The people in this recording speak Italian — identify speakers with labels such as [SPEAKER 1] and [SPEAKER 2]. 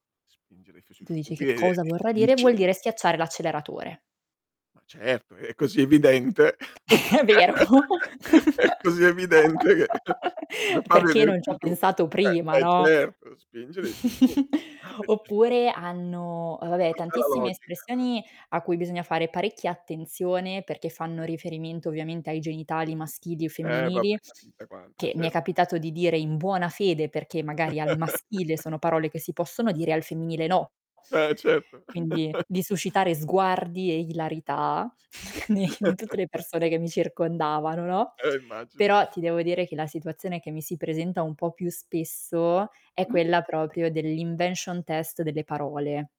[SPEAKER 1] Spingere fi sui
[SPEAKER 2] E tu
[SPEAKER 1] fu un
[SPEAKER 2] dici: "Che
[SPEAKER 1] piede è
[SPEAKER 2] cosa vorrà dire?" Vuol
[SPEAKER 1] difficile.
[SPEAKER 2] dire: schiacciare l'acceleratore.
[SPEAKER 1] Ma certo, è è così evidente!
[SPEAKER 2] È vero!
[SPEAKER 1] È così evidente che come fa a
[SPEAKER 2] "Perché non
[SPEAKER 1] venirti
[SPEAKER 2] c'ho
[SPEAKER 1] il dubbio?
[SPEAKER 2] pensato prima."
[SPEAKER 1] Eh, e
[SPEAKER 2] No?
[SPEAKER 1] certo, spingere sui punti. Ah, perchè i fu no,
[SPEAKER 2] Oppure hanno, ehm, vabbè,
[SPEAKER 1] però c'è la
[SPEAKER 2] tantissime
[SPEAKER 1] logica, ah.
[SPEAKER 2] espressioni a cui bisogna fare parecchia attenzione, perché fanno
[SPEAKER 1] I
[SPEAKER 2] riferimento, ovviamente, ai genitali maschili o
[SPEAKER 1] Eh, vabbé.
[SPEAKER 2] femminili,
[SPEAKER 1] Ca chissà quante,
[SPEAKER 2] che mi
[SPEAKER 1] cer
[SPEAKER 2] è capitato di dire in buona fede perché magari al maschile sono parole che si possono dire, e al femminile no.
[SPEAKER 1] Eh, certo.
[SPEAKER 2] Quindi di suscitare sguardi e ilarità ne in tutte le persone che mi circondavano, no,
[SPEAKER 1] Eh, immagino.
[SPEAKER 2] però ti devo dire che la situazione che mi si presenta un po' più spesso è
[SPEAKER 1] [unintelligible]
[SPEAKER 2] quella proprio dell' invention test delle parole.